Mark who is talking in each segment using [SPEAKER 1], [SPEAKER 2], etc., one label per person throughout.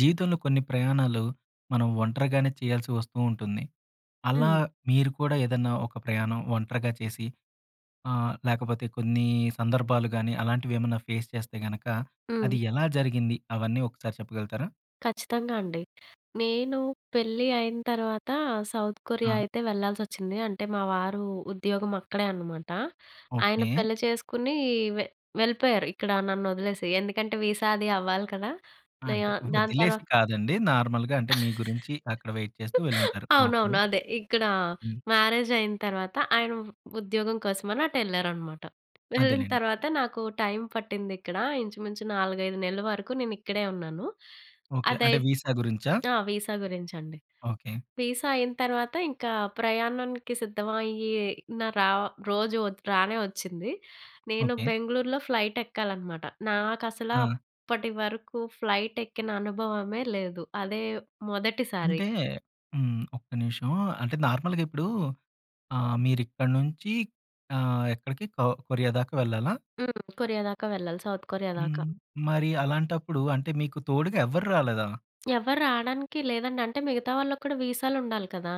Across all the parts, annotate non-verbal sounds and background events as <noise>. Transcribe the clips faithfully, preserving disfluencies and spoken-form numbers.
[SPEAKER 1] జీవితంలో కొన్ని ప్రయాణాలు, మనం ఒంటరిగానే చేయాల్సొస్తూ ఉంటుంది. అలా
[SPEAKER 2] హ్మ్.
[SPEAKER 1] మీరు కూడా ఏదైనా ఒక ప్రయాణం ఒంటరిగా చేసి, ఆహ్, లేకపోతే కొన్ని సందర్భాలు గాని, అలాంటివి ఏమన్నా ఫేస్ చేస్తే గనక,
[SPEAKER 2] హ్మ్.
[SPEAKER 1] అది ఎలా జరిగింది, అవన్నీ ఒకసారి చెప్పగలుగుతారా?
[SPEAKER 2] ఖచ్చితంగా అండి. నేను పెళ్లి అయిన తర్వాత, సౌత్ కొరియా
[SPEAKER 1] ఆ!
[SPEAKER 2] అయితే వెళ్లాల్సొచ్చింది. అంటే, మా వారు ఉద్యోగం అక్కడే అన్నమాట. ఆయన
[SPEAKER 1] ఓకే.
[SPEAKER 2] పెళ్లి చేసుకొని వెళ్ళిపోయారు. ఇక్కడ నన్ను వదిలేసి. ఎందుకంటే, వీసా అది అవ్వాలి కదా! నయా
[SPEAKER 1] అంటే
[SPEAKER 2] దాని
[SPEAKER 1] వదిలేసి
[SPEAKER 2] తర్వాత
[SPEAKER 1] కాదండి. నార్మల్‌గా అంటే, మీ గురించి అక్కడ వెయిట్ చేస్తూ
[SPEAKER 2] <chuckles>
[SPEAKER 1] వెళ్లుంటారు. ఓకే.
[SPEAKER 2] అవునవును అదే. ఇక్కడ
[SPEAKER 1] హ్మ్.
[SPEAKER 2] మ్యారేజ్ అయిన తర్వాత, ఆయన ఉద్యోగం కోసమని అటెళ్లారనమాట. వెళ్ళిన
[SPEAKER 1] అదేలెండి.
[SPEAKER 2] తర్వాత నాకు టైమ్ పట్టింది ఇక్కడ. ఇంచుమించు నాలుగైదు నెలల వరకు నేను ఇక్కడే ఉన్నాను.
[SPEAKER 1] ఓకే.
[SPEAKER 2] అదై
[SPEAKER 1] అంటే విసా గురించా?
[SPEAKER 2] ఆ! ఎ వీసా గురించి అండి.
[SPEAKER 1] ఓకే.
[SPEAKER 2] వీసా అయిన తర్వాత ఇంకా ప్రయాణానికి సిద్ధం అయ్యిన ర రోజు రానే వచ్చింది. నేను
[SPEAKER 1] ఓకే.
[SPEAKER 2] బెంగుళూరులో ఫ్లైట్ ఎక్కాలనమాట. నాకు అసలు
[SPEAKER 1] ఆ!
[SPEAKER 2] అప్పటివరకు ఫ్లైట్ ఎక్కిన అనుభవమే లేదు. అదే మొదటిసారి.
[SPEAKER 1] అంటే, హ్మ్. ఒక్క నిమిషం. అంటే నార్మల్‌గా ఇప్పుడు ఆహ్, మీరు ఇక్కడి నుంచి ఆహ్, ఎక్కడికి కొ కొరియా దాకా వెళ్లాలా?
[SPEAKER 2] హ్మ్. కొరియా దాకా వెళ్ళాలి. సౌత్ కొరియా దాకా.
[SPEAKER 1] హ్మ్. మరి అలాంటప్పుడు అంటే మీకు తోడుగా ఎవ్వరు రాలేదా?
[SPEAKER 2] ఎవరు రాడానికి లేదండి. అంటే మిగతా వాళ్ళకి కూడా వీసాలు ఉండాలి కదా!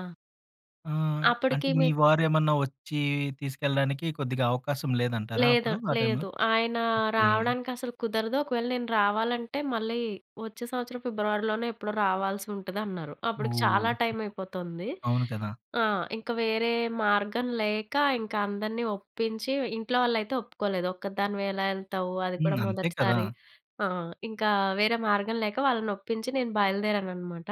[SPEAKER 1] ఆహ్, అంటే
[SPEAKER 2] అప్పటికి
[SPEAKER 1] మీ
[SPEAKER 2] మిక్
[SPEAKER 1] వారు ఏమన్నా ఒచ్చి తీసుకెళ్ళడానికి కొద్దిగా అవకాశం లేదంటారా
[SPEAKER 2] లేద
[SPEAKER 1] అప్పుడు ఆ టైమ్‌లో.
[SPEAKER 2] లేదు. ఆయన
[SPEAKER 1] ఓకె.
[SPEAKER 2] రావడానికి అసలు కుదరదు. "ఒకవేళ నేను రావాలంటే మళ్ళీ వచ్చే సంవత్సరం ఫిబ్రవరిలోనే ఎప్పుడో రావాల్సి ఉంటది" అన్నారు. అప్పటికి
[SPEAKER 1] ఓహ్!
[SPEAKER 2] చాలా టైమ్ అయిపోతుంది.
[SPEAKER 1] అవును. కదా!
[SPEAKER 2] ఆ! ఇంకా వేరే మార్గం లేక ఇంకా అందరిని ఒప్పించి. ఇంట్లో వాళ్ళు అయితే ఒప్పుకోలేదు. "ఒక్కదానివి ఎలా వెళ్తావు? అది
[SPEAKER 1] హ్మ్.
[SPEAKER 2] కూడా
[SPEAKER 1] అంతే కదా!
[SPEAKER 2] మొదటిసారి" ఆ! ఇంకా వేరే మార్గం లేక వాళ్ళని ఒప్పించి నేను బయలుదేరాను అన్నమాట.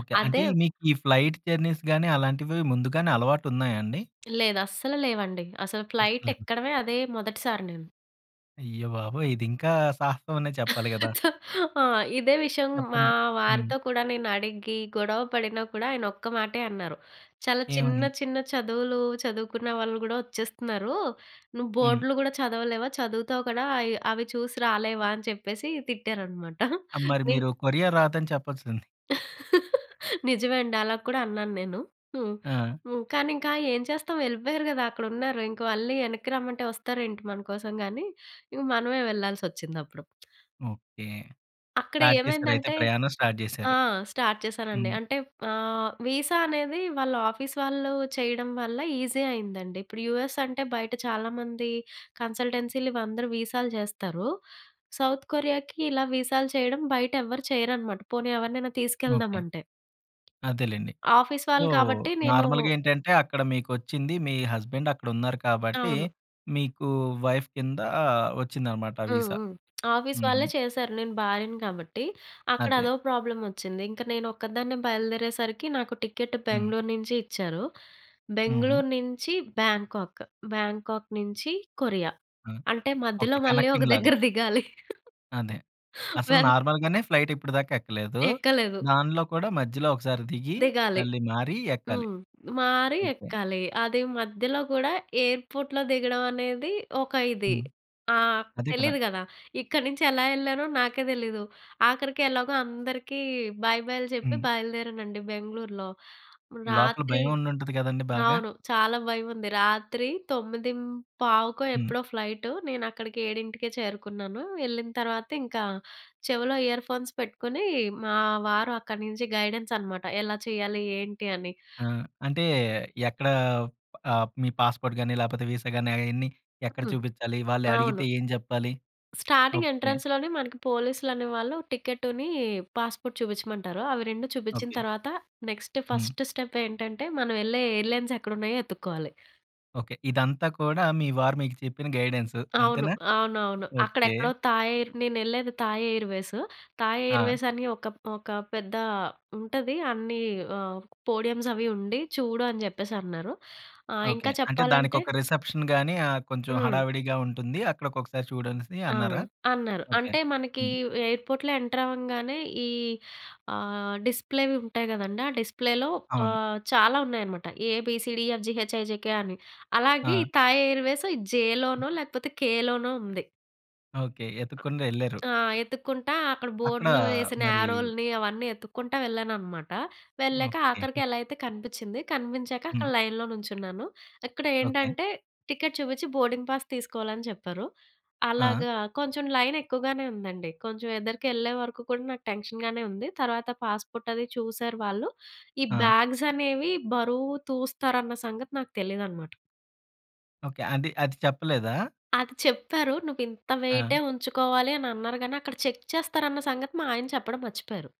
[SPEAKER 1] ఓకే. అంటే
[SPEAKER 2] అదే
[SPEAKER 1] ఇ మీకు ఈ ఫ్లయిట్ జర్నీస్‌గాని అలాంటివి ముందుగానే అలవాటు ఉన్నాయా అండి?
[SPEAKER 2] లేదు. అస్సల లేవండి. అసలు ఫ్లైట్ ఎక్కడడమే అదే మొదటిసారి నేను.
[SPEAKER 1] అయ్యో! బాబోయ్. ఇది ఇంకా సాహసం అనే చెప్పాలి గదా!
[SPEAKER 2] <laughs> ఆ! ఇదే విషయం మా
[SPEAKER 1] చెప్పండి. హ్మ్.
[SPEAKER 2] వారితో కూడా నేను అడిగి, గొడవ పడినా కూడా ఆయన ఒక్క మాటే అన్నారు, "చాలా చిన్న,
[SPEAKER 1] ఏమని?
[SPEAKER 2] చిన్న చదువులు చదువుకున్న వాళ్ళు గూడా ఒచ్చేస్తున్నారు. నువ్వు
[SPEAKER 1] హ్మ్.
[SPEAKER 2] బోర్డ్లు గూడా చదవలేవా చదువుతావు కదా! ఆహ్, అవి చూసి రాలేవా" అని చెప్పేసి తిట్టారనమాట.
[SPEAKER 1] ఆ! మరి
[SPEAKER 2] <chuckles> నె
[SPEAKER 1] మీరు కొరియా రాదని చెప్పొల్సింది.
[SPEAKER 2] <chuckles> నిజమే అండి. అలా కూడా అన్నాను నేను. హ్మ్.
[SPEAKER 1] ఆ!
[SPEAKER 2] హ్మ్. కానీ ఇంకా ఏం చేస్తాం. ఎళ్ళిపోయారు కదా! అక్కడ ఉన్నారు. ఇంకా మళ్ళీ వెనక్కి రమ్మంటే వస్తారెంటి మన కోసం గానీ. ఇంగ మనమే వెళ్ళాల్సి ఒచ్చింది అప్పుడు.
[SPEAKER 1] ఓకే.
[SPEAKER 2] అక్కడ
[SPEAKER 1] స్టార్ట్ చేసారు అయితే
[SPEAKER 2] ఏమైందంటే
[SPEAKER 1] ప్రయాణం స్టార్ట్
[SPEAKER 2] ఆ!
[SPEAKER 1] చేశారు.
[SPEAKER 2] స్టార్ట్ చేశానండి.
[SPEAKER 1] హ్మ్.
[SPEAKER 2] అంటే ఆహ్, వీసా అనేది వాళ్ళ ఆఫీస్ వాళ్ళు చేయడం వల్ల ఈజీ అయిందండి. ఇప్పుడు యూఎస్ అంటే బయట చాలామంది కన్సల్టెన్సీలు ఇవందరూ వీసాలు చేస్తారు. సౌత్ కొరియాకి ఇలా వీసాలు చేయడం బయట ఎవ్వరు చేయరనమాట. పోనీ ఎవరినైనా తీసుకెళ్దాం
[SPEAKER 1] ఓకే.
[SPEAKER 2] అంటే.
[SPEAKER 1] అదేలెండి.
[SPEAKER 2] ఆఫీస్
[SPEAKER 1] సో,
[SPEAKER 2] వాళ్ళు కాబట్టి నేను
[SPEAKER 1] నార్మల్‌గా ఏంటంటే, అక్కడ మీకు ఒచ్చింది. మీ హస్బేండ్ అక్కడ ఉన్నారు కాబట్టి
[SPEAKER 2] అవును.
[SPEAKER 1] మీకు వైఫ్ కింద వచ్చిందన్నమాట
[SPEAKER 2] హ్మ్.
[SPEAKER 1] వీసా.
[SPEAKER 2] హ్మ్. ఆఫీస్
[SPEAKER 1] హుహు.
[SPEAKER 2] వాళ్ళే చేసారు. నేను భార్యని కాబట్టి. అక్కడ
[SPEAKER 1] అదే.
[SPEAKER 2] అదో ప్రాబ్లమ్ ఒచ్చింది. ఇంక నేను ఒక్కదాన్నే బయలుదేరేసరికి నాకు టికెట్
[SPEAKER 1] హ్మ్.
[SPEAKER 2] బెంగుళూరు నుంచి ఇచ్చారు.
[SPEAKER 1] హుహు.
[SPEAKER 2] బెంగుళూరు నుంచి బ్యాంకాక్. బ్యాంకాక్ నుంచి కొరియా.
[SPEAKER 1] ఆ!
[SPEAKER 2] అంటే మధ్యలో
[SPEAKER 1] ఓకే.
[SPEAKER 2] మళ్ళీ ఒక
[SPEAKER 1] కనెక్టింగ్‌‌లాగా.
[SPEAKER 2] దగ్గర దిగాలి.
[SPEAKER 1] అదే. అసలు
[SPEAKER 2] వెల్
[SPEAKER 1] నార్మల్‌గానే ఫ్లైట్ ఇప్పటి దాకా ఎక్కలేదు.
[SPEAKER 2] ఎక్కలేదు.
[SPEAKER 1] దాంట్లో కూడా మధ్యలో ఒకసారి దిగి
[SPEAKER 2] దిగాలి.
[SPEAKER 1] మళ్ళీ మారి ఎక్కాలి.
[SPEAKER 2] హ్మ్. మారి
[SPEAKER 1] ఓకే.
[SPEAKER 2] ఎక్కాలి అది మధ్యలో గూడా ఎయిర్‌పోర్ట్‌లో దిగడం అనేది ఒక ఇది.
[SPEAKER 1] హ్మ్.
[SPEAKER 2] ఆ!
[SPEAKER 1] అదే కదా!
[SPEAKER 2] తెలీదు గదా! ఇక్కడి నుంచి ఎలా వెళ్ళానో నాకే తెలీదు. ఆఖరికి ఎలాగో అందరికి బై బైలు చెప్పి
[SPEAKER 1] హ్మ్.
[SPEAKER 2] బయలుదేరానండి బెంగుళూరులో.
[SPEAKER 1] లోపల
[SPEAKER 2] రాత్రి
[SPEAKER 1] భయం ఉండి ఉంటది కదండీ1 బాగా.
[SPEAKER 2] అవును. చాలా భయం ఉంది. రాత్రి తొమ్మిది పావుకో
[SPEAKER 1] హ్మ్.
[SPEAKER 2] ఎప్పుడో ఫ్లైట్ నేను అక్కడికి ఏడింటికే చేరుకున్నాను. వెళ్ళిన తర్వాత ఇంకా చెవిలో ఇయర్ ఫోన్స్ పెట్టుకొని మా వారు అక్కడి నుంచి గైడెన్స్ అన్నమాట. ఎలా చేయాలి. ఏంటి అని.
[SPEAKER 1] ఆ! అంటే, ఎక్కడ ఆహ్, మీ పాస్‌పోర్ట్ లేపోతే వీస గాని అయన్నీ ఎక్కడ
[SPEAKER 2] హ్మ్.
[SPEAKER 1] చూపించాలి? వాళ్ళు
[SPEAKER 2] అవును.
[SPEAKER 1] అడిగితే ఏం చెప్పాలి?
[SPEAKER 2] Starting
[SPEAKER 1] okay.
[SPEAKER 2] ఎంట్రన్స్‌లోనే మనకి పోలీస్‌లు అనే వాళ్ళు టికెట్‌ని పాస్‌పోర్ట్ చూపించమంటారు. అవి రెండు చూపించిన
[SPEAKER 1] ఓకే.
[SPEAKER 2] తరువాత నెక్స్ట్
[SPEAKER 1] హ్మ్.
[SPEAKER 2] ఫస్ట్ స్టెప్ ఏంటంటే, మనం వెళ్ళే ఎయిర్‌లైన్స్ ఎక్కడ ఉన్నాయో ఎతుక్కోవాలి.
[SPEAKER 1] ఓకే. ఇదంతా కూడా, మీ వారు మీకు చెప్పిన గైడెన్సు.
[SPEAKER 2] అవును.
[SPEAKER 1] అంతేనా?
[SPEAKER 2] అవునవును.
[SPEAKER 1] ఒకే.
[SPEAKER 2] అక్కడెక్కడో థాయ్ ఎయిర్ నేనెళ్ళేది థాయ్ ఎయిర్వేసు. థాయ్
[SPEAKER 1] ఆ!
[SPEAKER 2] ఎయిర్వేస్ అని ఒక ప్ ఒక పెద్దా ఉంటది. అన్నీ ఆహ్, పోడియమ్సవి ఉండి, చూడు అని జెప్పేసన్నారు. ఆహ్,
[SPEAKER 1] ఓకే.
[SPEAKER 2] ఇంకా
[SPEAKER 1] అంటే,
[SPEAKER 2] చెప్పాలంటే
[SPEAKER 1] దానికొక రిసెప్షన్‌ గానీ ఆహ్, కొంచం
[SPEAKER 2] హ్మ్.
[SPEAKER 1] హడావిడిగా ఉంటుంది, అక్కడొక్కొక్కసారి చూడనేసి
[SPEAKER 2] ఆ!
[SPEAKER 1] అన్నారా?
[SPEAKER 2] అన్నారు.
[SPEAKER 1] ఓకే.
[SPEAKER 2] అంటే, మనకీ
[SPEAKER 1] హ్మ్.
[SPEAKER 2] ఎయిర్‌పోర్ట్‌లో ఎంటరవ్వంగానే ఈ ఆహ్, డిస్‌ప్లేవి ఉంటాయి కదండ. ఆ డిస్‌ప్లేలో
[SPEAKER 1] అవును.
[SPEAKER 2] ఆహ్, చాలా ఉన్నాయనమాట. ఏబిసిడిఇఎఫ్ఐజేకే అని. అలాగే
[SPEAKER 1] ఆ!
[SPEAKER 2] ఈ థాయ్ ఎయిర్వేస్ జేలోనో లేకపోతే కేలోనో ఉంది.
[SPEAKER 1] ఓకే. యెతుక్కుంటా యెళ్లారు.
[SPEAKER 2] ఆ! యెతుక్కుంటా అక్కడ
[SPEAKER 1] అక్కడా
[SPEAKER 2] బోర్డులో వేసిన
[SPEAKER 1] మరీ
[SPEAKER 2] యారోలని, అవన్నీ యెతుక్కుంటా వెళ్ళాననమాట. వెళ్ళాక, ఆఖరికి
[SPEAKER 1] ఓకే.
[SPEAKER 2] ఎలా అయితే కనిపిచ్చింది. కనిపించాక
[SPEAKER 1] హ్మ్.
[SPEAKER 2] అక్కడ లైన్‌లో నుంచున్నాను.
[SPEAKER 1] ఓకే.
[SPEAKER 2] అక్కడేంటంటే, టికెట్ చూపిచ్చి, బోర్డింగ్ పాస్ తీసుకోవాలని చెప్పారు.
[SPEAKER 1] ఆ!
[SPEAKER 2] అలాగా కొంచం లైనెక్కువగానే ఉందండి. కొంచం ఎదరకెళ్ళే వరకు కూడా నాకు టెన్షగానే ఉంది. తర్వాత పాస్‌పోర్ట్ అది చూశారు వాళ్ళు. ఈ
[SPEAKER 1] ఆ!
[SPEAKER 2] బ్యాగ్సనేవి బరువు తూస్తారన్న సంగతి నాకు తెలియదనమాట.
[SPEAKER 1] ఓకే. అది అది చెప్పలేదా?
[SPEAKER 2] అది చెప్పారు. నువ్వింత
[SPEAKER 1] ఆ!
[SPEAKER 2] వెయిటే ఉంచుకోవాలి అని అన్నారు గానీ, అక్కడ చెక్ చేస్తారన్న సంగతి మా ఆయన చెప్పడం మర్చిపోయారు.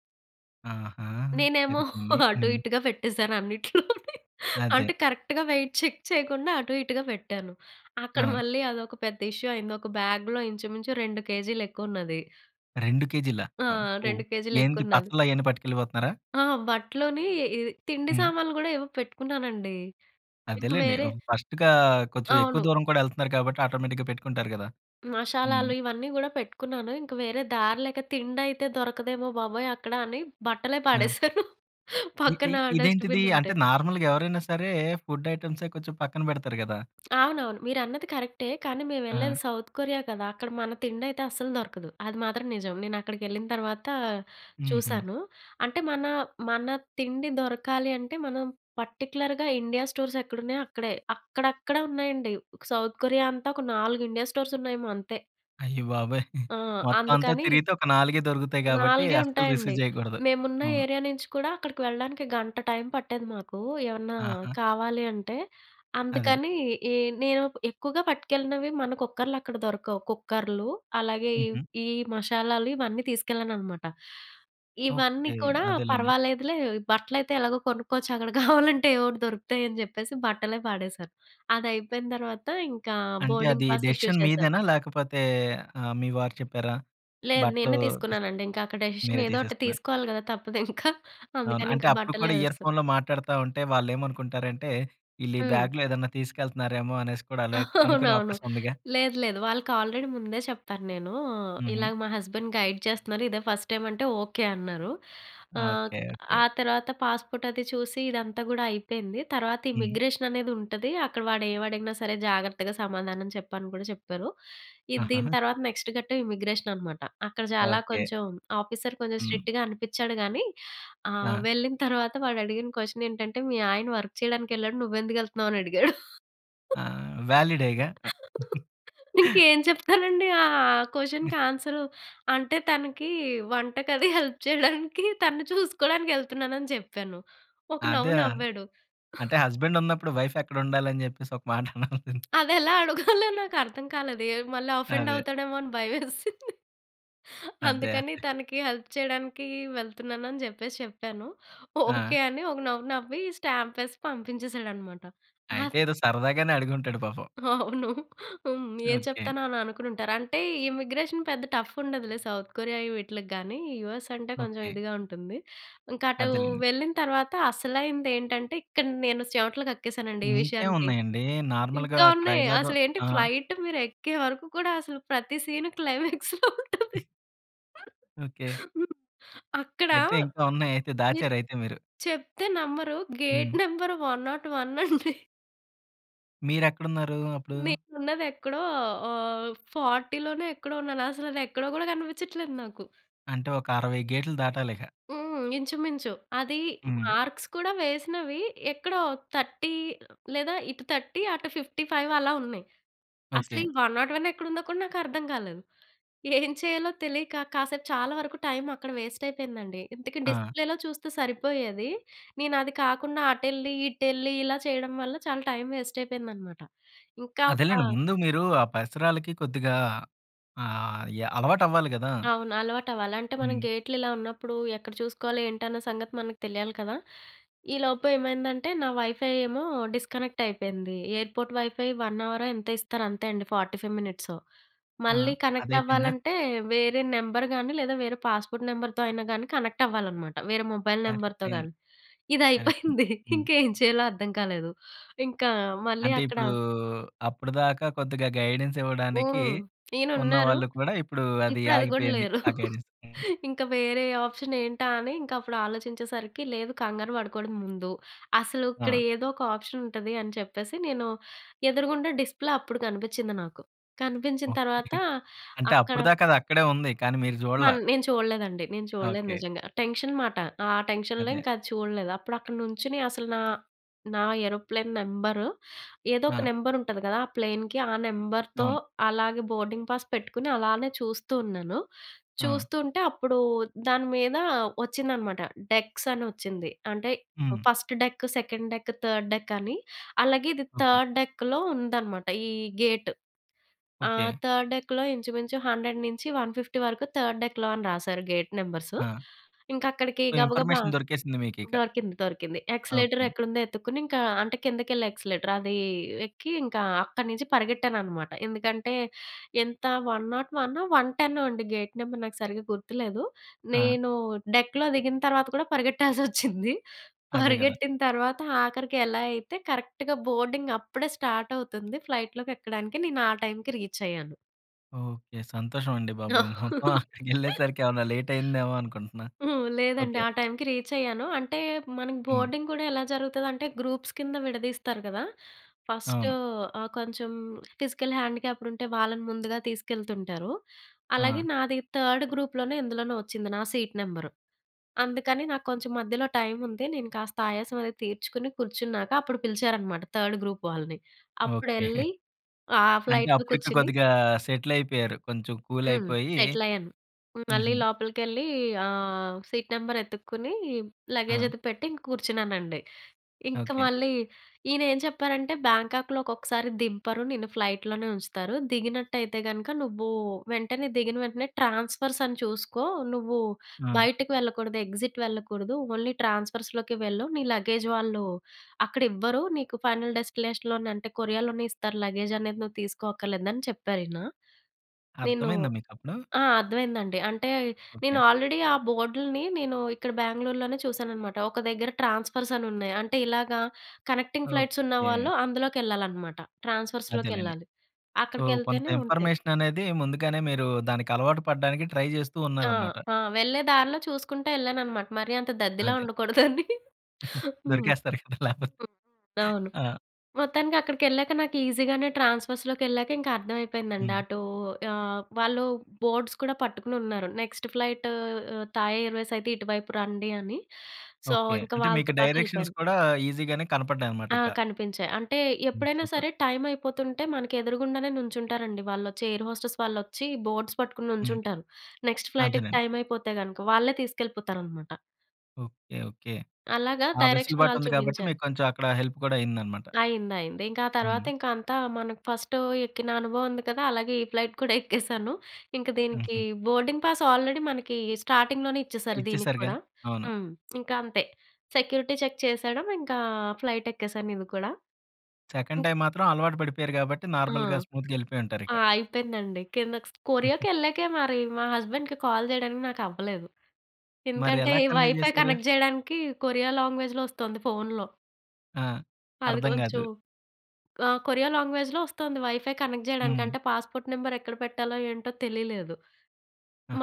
[SPEAKER 1] ఆహా!
[SPEAKER 2] నేనేమో
[SPEAKER 1] సరిపోయింది.
[SPEAKER 2] అటూ
[SPEAKER 1] హ్మ్.
[SPEAKER 2] ఇటుగా పెట్టేశాను అన్నిటిలోని.
[SPEAKER 1] అదే.
[SPEAKER 2] అంటే, కరక్ట్‌గా వెయిట్ చెక్ చెయ్యకుండా అటూ ఇటుగా పెట్టాను. అక్కడ
[SPEAKER 1] ఆ!
[SPEAKER 2] మళ్ళీ అదొక పెద్ద ఇష్యూ అయింది. ఒక బ్యాగ్‌‌లో ఇంచుమించు రెండు కేజీ‌లెక్కువున్నది.
[SPEAKER 1] రెండు కేజీ‌లా?
[SPEAKER 2] ఆ!
[SPEAKER 1] అబ్బో!
[SPEAKER 2] రెండు
[SPEAKER 1] ఏంది
[SPEAKER 2] కేజీలెక్కువున్నాను.
[SPEAKER 1] పచ్చలయన్నీ పట్టుకెళ్ళిపోతున్నారా?
[SPEAKER 2] ఆ! బట్టలోనీ, ఇది తిండి
[SPEAKER 1] హ్మ్.
[SPEAKER 2] సామాన్లు గూడా ఏవో పెట్టుకున్నానండి. ఇంక
[SPEAKER 1] అదేలేండి.
[SPEAKER 2] వేరే
[SPEAKER 1] ఒక్ ఫస్ట్‌గా కొంచం ఎక్కువ
[SPEAKER 2] అవును.
[SPEAKER 1] దూరం కూడా యెళ్తన్నారు కాబట్టి ఆటోమేటిక్‌గా పెట్టుకుంటారు గదా!
[SPEAKER 2] మషాలాలు
[SPEAKER 1] హ్మ్.
[SPEAKER 2] ఇవన్నీ గూడా పెట్టుకున్నాను. ఇంక వేరే దారి లేక, తిండి అయితే దొరకదేమో బాబోయ్ అక్కడ అని బట్టలే
[SPEAKER 1] ఆ!
[SPEAKER 2] పడేశాను,
[SPEAKER 1] ఇ ఇ
[SPEAKER 2] పక్కన
[SPEAKER 1] ఇదేంటిదీ? అంటే
[SPEAKER 2] డస్ట్‌బిన్నుంటే.
[SPEAKER 1] నార్మల్‌గా ఎవరైనా సరే ఫుడ్ ఐటెమ్సే కొంచుం పక్కన పెడతారు గదా!
[SPEAKER 2] అవునవును. మీరు అన్నది కరక్టే, కానీ
[SPEAKER 1] ఆ!
[SPEAKER 2] మేవెళ్ళేది సౌత్ కొరియా కదా! అక్కడ మన తిండయితే అస్సలు దొరకదు. అది మాత్రం నిజం. నేను అక్కడికెళ్ళిన తర్వాతా
[SPEAKER 1] హుహు.
[SPEAKER 2] చూశాను. అంటే, మనా మన తిండి దొరకాలి అంటే మనం పార్టిక్యులర్‌గా ఇండియా స్టోర్సెక్కడున్నాయో అక్కడే. అక్కడక్కడ ఉన్నాయండి. ఒక సౌత్ కొరియా అంతా ఒక నాలుగు ఇండియా స్టోర్సున్నాయేమో అంతే.
[SPEAKER 1] అయ్య బాబోయ్! <giggles>
[SPEAKER 2] ఆ!
[SPEAKER 1] మొత్తం అంతా
[SPEAKER 2] అందుకని
[SPEAKER 1] తిరిగితే ఒక నాలుగే దొరుకుతాయి గాబట్టీ
[SPEAKER 2] నాలుగే
[SPEAKER 1] అస్సలు రిస్కు
[SPEAKER 2] ఉంటాయండి.
[SPEAKER 1] చెయ్యకూడదు.
[SPEAKER 2] మేమున్న
[SPEAKER 1] అవును.
[SPEAKER 2] ఏరియా నించి కూడా అక్కడకు వెళ్ళడానికి గంట టైమ్ పట్టేది మాకూ, ఏమన్నా
[SPEAKER 1] ఆహా!
[SPEAKER 2] కావాలి అంటే.
[SPEAKER 1] అదే.
[SPEAKER 2] అందుకనీ ఈ నేను ఎక్కువుగా పట్టుకెళ్ళినవి మన కుక్కర్లక్కడ దొరకవు. కుక్కర్లు అలాగే, ఇ‌వ్
[SPEAKER 1] హుహు.
[SPEAKER 2] ఈ మషాలాలు ఇవన్నీ తీసుకెళ్ళాననమాట. ఇవన్నీ
[SPEAKER 1] ఓకే.
[SPEAKER 2] కూడా
[SPEAKER 1] అదేలేండి.
[SPEAKER 2] పర్వాలేదులే, బట్టలయితే ఎలాగో కొనుక్కోచ్చు, అక్కడ గావాలంటే <chuckles> ఏవొకటి దొరుకుతాయని చెప్పేసి బట్టలే పాడేశాను. అది అయిపోయిన తర్వాత ఇంకా
[SPEAKER 1] అంటే,
[SPEAKER 2] బోర్డింగ్
[SPEAKER 1] అదీ
[SPEAKER 2] పాస్ ఇష్యూ
[SPEAKER 1] డెసిషన్
[SPEAKER 2] చేశారు.
[SPEAKER 1] మీదేనా? లేకపోతే ఆహ్, మీ వారు చెప్పారా?
[SPEAKER 2] లేదు.
[SPEAKER 1] బట్టలూ
[SPEAKER 2] నేనే
[SPEAKER 1] తీస
[SPEAKER 2] తీసుకున్నానండి. ఇంకా అక్క డెసిషన్
[SPEAKER 1] మీరే
[SPEAKER 2] ఏదోటి
[SPEAKER 1] తీసేసుకున్నారు.
[SPEAKER 2] తీసుకోవాలి గదా! తప్పదింక. <chuckles>
[SPEAKER 1] అవును.
[SPEAKER 2] అందుకని
[SPEAKER 1] అంటే,
[SPEAKER 2] ఇంక
[SPEAKER 1] అప్పుడు
[SPEAKER 2] బట్టలే
[SPEAKER 1] కూడా ఇయర్
[SPEAKER 2] వేసా.
[SPEAKER 1] ఫోన్‌లో మాట్టాడతా ఉంటే, వాళ్ళేమనుకుంటారంటే, ఈళ్ళీ ఈ
[SPEAKER 2] హ్మ్.
[SPEAKER 1] బ్యాగ్‌లో ఏదన్నా తీసుకెళ్తున్నారేమో అనేసి కూడా అలా
[SPEAKER 2] <chuckles>
[SPEAKER 1] అనుకునే
[SPEAKER 2] అవునవును.
[SPEAKER 1] అవకాశం ఉందిగా?
[SPEAKER 2] లేదు, లేదు. వాళ్ళకాల్రెడీ ముందే చెప్తాను నేనూ,
[SPEAKER 1] హుహు.
[SPEAKER 2] ఇలాగ మా హస్బెండ్ గైడ్ చేస్తన్నారు. ఇదే ఫస్ట్ టైమంటే, ఓకే అన్నారు.
[SPEAKER 1] ఆ!
[SPEAKER 2] ఆహ్,
[SPEAKER 1] ఓకే. ఓకే.
[SPEAKER 2] ఆ తర్వాత పాస్‌పోర్టది చూసి ఇదంతా గూడా అయిపోయింది. తర్వాత
[SPEAKER 1] హ్మ్.
[SPEAKER 2] ఇమ్మిగ్రేషననేదుంటది, అక్కడ వాడేమడిగినా సరే జాగ్రత్తగా సమాధానం చెప్పు అని కూడా చెప్పారు. ఇది దీని
[SPEAKER 1] ఆహాహా!
[SPEAKER 2] తర్వాత నెక్స్ట్ గట్టం ఇమ్మిగ్రేషననమాట. అక్కడ చాలా
[SPEAKER 1] ఓకే.
[SPEAKER 2] కొంచం ఆఫీసర్ కొంచం
[SPEAKER 1] హ్మ్.
[SPEAKER 2] స్ట్రిక్ట్‌గా అనిపిచ్చాడు గానీ, ఆహ్
[SPEAKER 1] ఆ!
[SPEAKER 2] వెళ్ళిన తర్వాత వాడడిగిన క్వషనేంటంటే, మీ ఆయన వర్క్ చెయ్యడానికెళ్ళాడు, నువ్వెందుకెళ్తన్నావనడిగాడు. <chuckles>
[SPEAKER 1] ఆహ్, వ్యాలిడేగా? హ్మ్. <chuckles>
[SPEAKER 2] ఇంకేం చెప్తానండి ఆహ్, ఆ కొషన్‌కి ఆన్సరు. అంటే, తనకీ వంటకది హెల్ప్ చెయ్యడానికి, తనని చూసుకోడానికి యెళ్తున్నానని చెప్పాను. ఒక
[SPEAKER 1] అదే.
[SPEAKER 2] నవ్వు
[SPEAKER 1] ఆహ్,
[SPEAKER 2] నవ్వాడు.
[SPEAKER 1] అంటే, హస్బెండున్నప్పుడు వైఫెక్కడుండాలని చెప్పేసి ఒక మాట అనాల్సింది.
[SPEAKER 2] అదెలా అడుగాలో నాకర్ధం కాలేదు. ఏవ్ మళ్ళా
[SPEAKER 1] అదే.
[SPEAKER 2] ఆఫెండవుతాడేమో అని భయమేసింది.
[SPEAKER 1] అంతే.
[SPEAKER 2] అందుకని
[SPEAKER 1] అదే.
[SPEAKER 2] తనకి హెల్ప్ చెయ్యడానికీ వెళ్తున్నానని చెప్పేసి చెప్పాను.
[SPEAKER 1] ఆ!
[SPEAKER 2] ఓకే <chuckles> అని ఒక నవ్వు నవ్వి స్టాంప్ వేసి పంపించేశాడనమాట. ఆత్
[SPEAKER 1] అయితే ఏదో సరదాగానే అడిగుంటాడు పాపం.
[SPEAKER 2] <chuckles> అవును. హ్మ్. ఏం
[SPEAKER 1] ఓకే.
[SPEAKER 2] చెప్తానో అని అనుకొనుంటారు. అంటే, ఇమ్మిగ్రేషన్ పెద్ద టఫ్ఫుండదులే సౌత్ కొరియా ఇవ్విట్లకి గానీ, యూఎస్ అంటే కొంచం
[SPEAKER 1] ఓకే.
[SPEAKER 2] ఇదిగా ఉంటుంది. ఇంక అటూ
[SPEAKER 1] ఆదే‌లేం‌డి.
[SPEAKER 2] వెళ్ళిన తర్వాత అసలైందేంటంటే, ఇక్కడ నేను చెమట్లు కక్కేసానండి ఈ విషయానికి.
[SPEAKER 1] ఇంకేమున్నాయండి? నార్మల్‌గా
[SPEAKER 2] ఇంకా
[SPEAKER 1] అక్కడ
[SPEAKER 2] ఉన్నాయి.
[SPEAKER 1] ఎలాగో
[SPEAKER 2] అసలేంటి
[SPEAKER 1] ఆ!
[SPEAKER 2] ఫ్లైట్ మీరెక్కే వరకు కూడా అసలు ప్రతి సీను క్లైమాక్స్‌లా ఉంటది.
[SPEAKER 1] ఓకే.
[SPEAKER 2] హ్మ్. అక్కడ,
[SPEAKER 1] అయితే, ఇంకా ఉన్నాయయితే
[SPEAKER 2] మీరు
[SPEAKER 1] దాచారయితే మీరు.
[SPEAKER 2] చెప్తే నమ్మరు, గేట్
[SPEAKER 1] హ్మ్.
[SPEAKER 2] నంబర్ వన్ నాట్ వన్ అండి.
[SPEAKER 1] మీరు ఎక్కడున్నారు అప్పుడు?
[SPEAKER 2] నేనున్నది ఎక్కడో ఆ ఫార్టీలోనో ఎక్కడో ఉన్నాను. అసలది ఎక్కడో కూడా కనిపించట్లేదు నాకు.
[SPEAKER 1] అంటే ఒక అరవై గేట్లు దాటాలిక.
[SPEAKER 2] హ్మ్. ఇంచుమించు. అది
[SPEAKER 1] హ్మ్.
[SPEAKER 2] మార్క్స్ కూడా వేసినవి, ఎక్కడో థర్టీ లేదా ఇటు థర్టీ అటు ఫిఫ్టీ ఫైవ్ అలా ఉన్నాయి. అసలు
[SPEAKER 1] ఓకే.
[SPEAKER 2] ఈ వన్ నాట్ వన్ ఎక్కడ ఉందో కూడా నాకర్థం కాలేదు. ఏం చేయాలో తెలియక, కాసేపు చాలా వరకు టైమ్ అక్కడ వేస్ట్ అయిపోయిందండి. ఇంతకి
[SPEAKER 1] ఆ!
[SPEAKER 2] డిస్‌ప్లే‌లో చూస్తే సరిపోయేది. నేను అది కాకుండా అటెళ్ళి, ఇటెళ్లి ఇలా చేయడం వల్ల చాలా టైమ్ వేస్ట్ అయిపోయిందనమాట. ఇంకా ఒక
[SPEAKER 1] అదేలెండి. ముందు మీరు ఆ పరిసరాలకి కొద్దిగా ఆహ్, యాహ్! అలవాటు అవ్వాలి కదా!
[SPEAKER 2] అవును అలవాటు అవ్వాలి. అంటే మనం
[SPEAKER 1] హ్మ్.
[SPEAKER 2] గేట్లు ఇలా ఉన్నప్పుడు ఎక్కడ చూసుకోవాలి, ఏంటి అన్న సంగతి మనకు తెలియాలి కదా! ఈలోపు ఏమైందంటే, నా వైఫై ఏమో డిస్కనెక్ట్ అయిపోయింది. ఎయిర్పోర్ట్ వైఫై వన్ అవర్ ఎంత ఇస్తారో అంతే అండి. Forty five minutes.
[SPEAKER 1] ఆ!
[SPEAKER 2] మళ్ళీ కనెక్ట్
[SPEAKER 1] అదైపోయిందా?
[SPEAKER 2] అవ్వాలంటే వేరే నెంబర్ గాని, లేదా వేరే పాస్పోర్ట్ నెంబర్‌తో అయినా కానీ కనెక్ట్ అవ్వాలన్నమాట. వేరే మొబైల్ నెంబర్‌తో
[SPEAKER 1] సరిపోయింది.
[SPEAKER 2] కాని. ఇది
[SPEAKER 1] సరిపో
[SPEAKER 2] అయిపోయింది. <chuckles>
[SPEAKER 1] హ్మ్.
[SPEAKER 2] ఇంకా ఏం చేయాలో అర్థం కాలేదు. ఇంకా మళ్ళీ
[SPEAKER 1] అంటే
[SPEAKER 2] అక్కడ
[SPEAKER 1] ఇప్పుడు, అప్పటిదాకా కొద్దిగా గైడెన్స్ ఇవ్వడానికి
[SPEAKER 2] హ్మ్. ఈయన ఉన్నారు.
[SPEAKER 1] ఉన్నవాళ్ళు కూడా ఇప్పుడు అది
[SPEAKER 2] ఇప్పుడు అది కూడా
[SPEAKER 1] ఆగిపోయింది
[SPEAKER 2] లేరు.
[SPEAKER 1] ఆ
[SPEAKER 2] <chuckles>
[SPEAKER 1] గైడెన్స్. హ్మ్.
[SPEAKER 2] ఇంకా వేరే ఆప్షన్ ఏంటా అని ఇంకా అప్పుడు ఆలోచించేసరికి, లేదు కంగారు పడుకూడదు ముందు. అసలు ఇక్కడ
[SPEAKER 1] ఆ!
[SPEAKER 2] ఏదో ఒక ఆప్షన్ ఉంటదని చెప్పేసి, నేను ఎదురుగుండా డిస్‌ప్లే అప్పుడు కనిపించింది నాకు. కనిపించిన
[SPEAKER 1] ఓకే.
[SPEAKER 2] తర్వాత
[SPEAKER 1] అంటే
[SPEAKER 2] అక్కడ
[SPEAKER 1] అప్పుడు దాకా అది అక్కడే ఉంది. కానీ మీరు చూడలా.
[SPEAKER 2] నేను చూడలేదండి, నేను చూడలేదు.
[SPEAKER 1] ఓకే.
[SPEAKER 2] నిజంగా. టెన్షన్ మాట. ఆ టెన్షన్‌లో
[SPEAKER 1] అదే.
[SPEAKER 2] ఇంకా అది చూడలేదు. అప్పుడు అక్కడ నుంచొని అసలు నా నా ఏరోప్లేన్ నంబర్, ఏదో ఒక
[SPEAKER 1] ఆ!
[SPEAKER 2] నంబర్ ఉంటది కదా! ఆ ప్లేన్‌కి. ఆ నంబర్‌తో
[SPEAKER 1] అవును.
[SPEAKER 2] అలాగే బోర్డింగ్ పాస్ పెట్టుకొని అలానే చూస్తూ ఉన్నాను.
[SPEAKER 1] ఆ!
[SPEAKER 2] చూస్తూ ఉంటే అప్పుడు దాని మీద వచ్చిందనమాట, డెక్స్ అని వచ్చింది. అంటే
[SPEAKER 1] హ్మ్.
[SPEAKER 2] First deck, second deck, third deck అని. అలాగే ఇది
[SPEAKER 1] ఓకే.
[SPEAKER 2] థర్డ్ డెక్‌లో ఉందన్నమాట. ఈ గేట్. ఆ!
[SPEAKER 1] ఓకే.
[SPEAKER 2] థర్డ్ డెక్‌లో ఇంచుమించు హండ్రెడ్ నుంచి వన్ ఫిఫ్టీ వరకు థర్డ్ డెక్‌లో అని రాసారు గేట్ నంబర్స్.
[SPEAKER 1] ఆ!
[SPEAKER 2] ఇంకా అక్కడికి గబగబా
[SPEAKER 1] ఇన్ఫర్మేషన్ దొరికేసింది మీకిక.
[SPEAKER 2] దొరికింది దొరికింది. Accelerator
[SPEAKER 1] okay.
[SPEAKER 2] ఎక్కడుందో వెతుక్కొని, ఇంకా అంటే కిందకెల్లే యాక్సిలరేటర్ అది ఎక్కి, ఇంకా అక్కడి నుంచి పరిగెట్టానన్నమాట. ఎందుకంటే, ఎంత వన్ నోట్ వనో వన్ టెన్ అండి గేట్ నంబర్. నాకు సరిగ్గా గుర్తులేదు.
[SPEAKER 1] ఆ!
[SPEAKER 2] నేను డెక్‌లో దిగిన తరువాత కూడా పరిగెట్టాల్సి వచ్చింది. <chuckles>
[SPEAKER 1] అదే కదా!
[SPEAKER 2] పరిగెట్టిన తర్వాత ఆఖరికి ఎలా అయితే కరెక్ట్‌గా బోర్డింగ్ అప్పుడే స్టార్ట్ అవుతుంది ఫ్లైట్ లోకి ఎక్కడానికి. నేను ఆ టైమ్‌కి రీచ్ అయ్యాను.
[SPEAKER 1] ఓకే. సంతోషం అండి బాబు. మొత్తం
[SPEAKER 2] <laughs>
[SPEAKER 1] అక్కడికెళ్ళేసరికి ఏమైనా లేటయిందేమో అనుకుంటున్నా.
[SPEAKER 2] హుహు! లేదండి.
[SPEAKER 1] ఓకే.
[SPEAKER 2] ఆ టైమ్‌కి రీచ్ అయ్యాను. అంటే, మనకి
[SPEAKER 1] హ్మ్.
[SPEAKER 2] బోర్డింగ్ కూడా ఎలా జరుగుతదంటే, గ్రూప్స్ కింద విడదీస్తారు కదా! ఫస్టూ
[SPEAKER 1] అవును.
[SPEAKER 2] ఆహ్, కొంచెం ఫిజికల్ హ్యాండిక్యాప్డ్ ఉంటే వాళ్ళని ముందుగా తీసుకెళ్తుంటారు. అలాగే
[SPEAKER 1] ఆ!
[SPEAKER 2] నాది థర్డ్ గ్రూప్‌ లోనే ఇందులో‌నో వచ్చింది నా సీట్ నెంబరు. అందుకని నాకు కొంచెం మధ్యలో టైం ఉంది. నేను కాస్త ఆయాసం అది తీర్చుకుని కూర్చున్నాక, అప్పుడు పిలిచారన్నమాట థర్డ్ గ్రూప్ వాళ్ళని. అప్పుడు
[SPEAKER 1] ఓకే.
[SPEAKER 2] ఎళ్లి ఆ
[SPEAKER 1] అంటే,
[SPEAKER 2] ఫ్లైట్‌లో
[SPEAKER 1] అప్పటికి
[SPEAKER 2] కూర్చుని
[SPEAKER 1] కొద్దిగా సెటిల్ అయిపోయారు. కొంచెం కూల్
[SPEAKER 2] హ్మ్.
[SPEAKER 1] అయిపోయి
[SPEAKER 2] సెటిల్ అయ్యాను. మళ్ళీ
[SPEAKER 1] హుహు.
[SPEAKER 2] లోపలికెళ్ళి ఆహ్, సీట్ నెంబర్ ఎతుక్కొని లగేజ్
[SPEAKER 1] ఆ!
[SPEAKER 2] అది పెట్టి కూర్చున్నానండి. ఇంకా
[SPEAKER 1] ఓకే.
[SPEAKER 2] మళ్ళీ ఈయన ఏం చెప్పారంటే, "బ్యాంకాక్‌లో ఒకొక్కసారి దింపరు, నిన్ను ఫ్లైట్‌ లోనే ఉంచుతారు. దిగినట్టయితే గనుక నువ్వు వెంటనే, దిగిన వెంటనే, ట్రాన్స్‌ఫర్స్ అని చూసుకో, నువ్వు
[SPEAKER 1] ఆ!
[SPEAKER 2] బయటకెళ్ళకూడదు. ఎగ్జిట్ వెళ్ళకూడదు. ఓన్లీ ట్రాన్స్‌ఫర్స్‌ లోకే వెళ్ళు, నీ లగేజ్ వాళ్ళు అక్కడ ఇవ్వరు. నీకు ఫైనల్ డెస్టినేషన్‌‌ లోనే అంటే, కొరియాలోనే ఇస్తారు. లగేజ్ అనేది నువ్వు తీసుకోక్కర్లేదు" అని చెప్పారు ఈయన. నేను
[SPEAKER 1] అర్థమయిందా మీకప్పుడు?
[SPEAKER 2] ఆ! అర్థమైందండి. అంటే, నేను
[SPEAKER 1] ఓకే.
[SPEAKER 2] ఆల్రెడీ ఆ బోర్డ్‌ లని నేను ఇక్కడ బెంగుళూరు‌లోనే చూసానన్నమాట. ఒక దగ్గర ట్రాన్స్‌ఫర్స్ అని ఉన్నాయి. అంటే, ఇలాగ కనెక్టింగ్ ఫ్లైట్స్
[SPEAKER 1] ఓకే.
[SPEAKER 2] ఉన్నవాళ్ళు అందులోకెళ్ళాలన్నమాట.
[SPEAKER 1] అదేలేండి.
[SPEAKER 2] ట్రాన్స్‌ఫర్స్‌లోకెళ్ళాలి.
[SPEAKER 1] సో, కొంత
[SPEAKER 2] అక్కడికెళ్తేనే ఉంటాయి.
[SPEAKER 1] ఇన్ఫర్మేషన్ అనేది ముందుగానే మీరు దానికి అలవాటు పడడానికి ట్రై
[SPEAKER 2] ఆ!
[SPEAKER 1] చేస్తూన్నారన్నమాట.
[SPEAKER 2] ఆ! వెళ్ళే దారిలో చూసుకుంటా ఏళ్ళానన్నమాట. మరి అంత దద్దిలా
[SPEAKER 1] అదే.
[SPEAKER 2] ఉండకూడదని. హ్మ్.
[SPEAKER 1] దొరికేస్తారు కదా! లేకపో
[SPEAKER 2] హ్మ్. అవును.
[SPEAKER 1] ఆ!
[SPEAKER 2] మొత్తానికి అక్కడికెళ్ళాక నాకు ఈజీ గానే ట్రాన్స్‌ఫర్స్‌లోకెళ్ళాక ఇంకా అర్థమైపోయిందండి.
[SPEAKER 1] హ్మ్.
[SPEAKER 2] అటు ఆహ్, వాళ్ళు బోర్డ్స్ కూడా పట్టుకుని ఉన్నారు. నెక్స్ట్ ఫ్లైటు థాయ్ ఎయిర్వేస్ అయితే ఇటువైపు రండి అని. So,
[SPEAKER 1] okay.
[SPEAKER 2] ఇంక
[SPEAKER 1] అంటే, మీకు
[SPEAKER 2] వాళ్ళతో పాటు
[SPEAKER 1] డైరెక్షన్స్
[SPEAKER 2] ఎళ్ళిపోయాను.
[SPEAKER 1] కూడా ఈజీ‌ గానే కనపడ్డాయన్నమాట
[SPEAKER 2] ఆ!
[SPEAKER 1] ఇక.
[SPEAKER 2] కనిపించాయి. అంటే
[SPEAKER 1] హ్మ్.
[SPEAKER 2] ఎప్పుడైనా
[SPEAKER 1] సూపర్.
[SPEAKER 2] సరే, టైమ్ అయిపోతుంటే, మనకి ఎదురుగుండానే నుంచుంటారండి. వాళ్లొచ్చి ఎయిర్ హోస్టెస్ వాళ్లొచ్చి, బోర్డ్స్ పట్టుకొని
[SPEAKER 1] హ్మ్.
[SPEAKER 2] నుంచుంటారు. నెక్స్ట్ ఫ్లైట్‌కి
[SPEAKER 1] అంతేనండి.
[SPEAKER 2] టైమ్ అయిపోతే గనుక, వాళ్ళే తీసుకెళ్ళిపోతారన్నమాట.
[SPEAKER 1] ఓకే. ఓకే.
[SPEAKER 2] అలాగా
[SPEAKER 1] ఆ
[SPEAKER 2] డైరెక్షన్
[SPEAKER 1] వెసులుబాటు
[SPEAKER 2] వాళ్ళు
[SPEAKER 1] ఉంది కాబట్టి
[SPEAKER 2] చూబించారు.
[SPEAKER 1] మీకు కొంచెం అక్కడ హెల్ప్ గూడా అయిందనమాట.
[SPEAKER 2] అయింది. అయింది. ఇంకా ఆ తర్వాత
[SPEAKER 1] హ్మ్.
[SPEAKER 2] ఇంకా అంతా మనకి ఫస్ట్ ఎక్కిన అనుభవం ఉంది కదా! అలాగే ఈ ఫ్లయిట్ కూడా <chuckles> ఎక్కేశాను. ఇంక దీనికి
[SPEAKER 1] హుహు.
[SPEAKER 2] బోర్డింగ్ పాస్ ఆల్రెడీ మనకి స్టార్టింగ్‌లోనే ఇచ్చేశారు దీనికి
[SPEAKER 1] ఇచ్చేసారుగా.
[SPEAKER 2] కూడా.
[SPEAKER 1] అవును.
[SPEAKER 2] హ్మ్. ఇంక అంతే. సెక్యూరిటీ చెక్ చేసేయడం ఇంకా ఫ్లయిట్ ఎక్కేశాను ఇది కూడా.
[SPEAKER 1] సెకండ్ టైమ్ మాత్రం అలవాటు పడిపోయారు గాబట్టి
[SPEAKER 2] ఆ!
[SPEAKER 1] నార్మల్‌‌గా స్మూత్‌గా యెళ్ళిపోయి ఉంటారిక.
[SPEAKER 2] ఆ! అయిపేందండి. కింద క్స్
[SPEAKER 1] హుహు.
[SPEAKER 2] కొరియాకెళ్ళాకే మరి మా హస్బండ్‌కి కాల్ చేయడానికి నాకు అవ్వలేదు.
[SPEAKER 1] మరి
[SPEAKER 2] ఎందుకంటే
[SPEAKER 1] ఎలా కన్‌వే
[SPEAKER 2] వైఫై
[SPEAKER 1] జేసారు?
[SPEAKER 2] కనెక్ట్ జేయడానికి కొరియా లాంగ్వేజ్‌లో వస్తుంది ఫోన్‌లో.
[SPEAKER 1] ఆ!
[SPEAKER 2] అది
[SPEAKER 1] అర్థం
[SPEAKER 2] కొంచెం
[SPEAKER 1] గాదు.
[SPEAKER 2] ఆ! కొరియా లాంగ్వేజ్‌లో వస్తుంది వైఫై కనెక్ట్ జేయడానికి
[SPEAKER 1] హ్మ్.
[SPEAKER 2] అంటే, పాస్‌పోర్ట్ నంబర్ ఎక్కడ పెట్టాలో ఏంటో తెలీలేదు.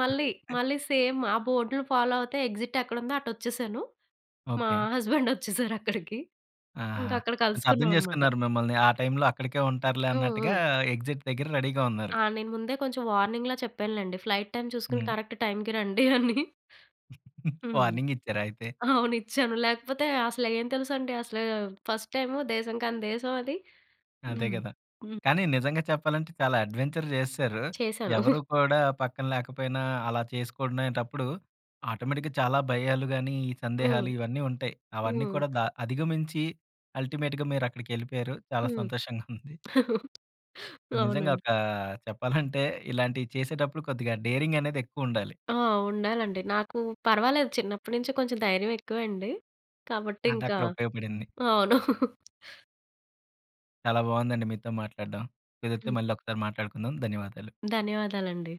[SPEAKER 2] మళ్ళీ మళ్ళీ సేమ్ ఆ బోర్డ్‌లు ఫాలో అవుతే ఎగ్జిట్ ఎక్కడుందో అటు వచ్చేశాను. మా
[SPEAKER 1] ఓకే.
[SPEAKER 2] <chuckles> హస్బండ్ వచ్చేసారు అక్కడికి. ఇంక
[SPEAKER 1] ఆహా!
[SPEAKER 2] అక్కడ
[SPEAKER 1] కొంచెం అర్థం
[SPEAKER 2] కలుసుకున్నామనమాట.
[SPEAKER 1] జేసుకున్నారు మిమ్మల్ని. ఆ టైమ్‌లో అక్కడికే ఉంటారులే
[SPEAKER 2] హ్మ్.
[SPEAKER 1] అన్నట్టుగా
[SPEAKER 2] హ్మ్.
[SPEAKER 1] ఎగ్జిట్ దగ్గర రెడీగా ఉన్నారు.
[SPEAKER 2] ఆ! నేను ముందే కొంచెం వార్నింగ్‌లా చెప్పాను లెండి ఫ్లయిట్ టైమ్ చూసుకొని
[SPEAKER 1] హ్మ్.
[SPEAKER 2] కరెక్ట్ <chuckles> టైమ్‌కి రండి అని.
[SPEAKER 1] <giggles>
[SPEAKER 2] హ్మ్.
[SPEAKER 1] వార్నింగ్ ఇచ్చారా అయితే?
[SPEAKER 2] అవును. ఇచ్చాను లేకపోతే అసలు ఏం తెలుసంటే, అసలు ఫస్ట్ టైమ్ దేశం కానీ దేశం అది.
[SPEAKER 1] అదే
[SPEAKER 2] హ్మ్.
[SPEAKER 1] గదా!
[SPEAKER 2] హ్మ్.
[SPEAKER 1] కానీ నిజంగా చెప్పాలంటే, చాలా అడ్‌వెంచర్ చేస్సారు.
[SPEAKER 2] చేశాను.
[SPEAKER 1] ఎవరు
[SPEAKER 2] <chuckles>
[SPEAKER 1] కూడా పక్కన లేకపోయినా అలా చేసుకునేటప్పుడు ఆటోమేటిక్‌గా చాలా భయాలు గాని, ఈ
[SPEAKER 2] హ్మ్.
[SPEAKER 1] సందేహాలు ఇవన్నీ ఉంటాయి. అవన్నీ
[SPEAKER 2] హ్మ్.
[SPEAKER 1] కూడా ద అధిగమించి అల్టిమేట్‌గా మీరు అక్కడికెళ్ళిపోయారు చాలా
[SPEAKER 2] హ్మ్.
[SPEAKER 1] సంతోషంగా ఉంది.
[SPEAKER 2] <chuckles>
[SPEAKER 1] నిజంగా
[SPEAKER 2] అవునండి.
[SPEAKER 1] ఒక చెప్పాలంటే, ఇలాంటియి చేసేటప్పుడు కొద్దిగా డేరింగ్ అనేది ఎక్కువ ఉండాలి.
[SPEAKER 2] ఆ! ఉండాలండి. నాకు పర్వాలేదు చిన్నప్పటినుంచి కొంచెం ధైర్యం ఎక్కువే అండి. కాబట్టి
[SPEAKER 1] అది
[SPEAKER 2] ఇంక
[SPEAKER 1] అక్కడ ఉపయోగపడింది.
[SPEAKER 2] అవును. <giggles>
[SPEAKER 1] చాలా బాగుందండి మీతో మాట్లాడడం. కుదిరితే
[SPEAKER 2] హ్మ్.
[SPEAKER 1] మళ్ళీ ఒకసారి మాట్లాడుకుందాం. ధన్యవాదాలు.
[SPEAKER 2] ధన్యవాదాలండి.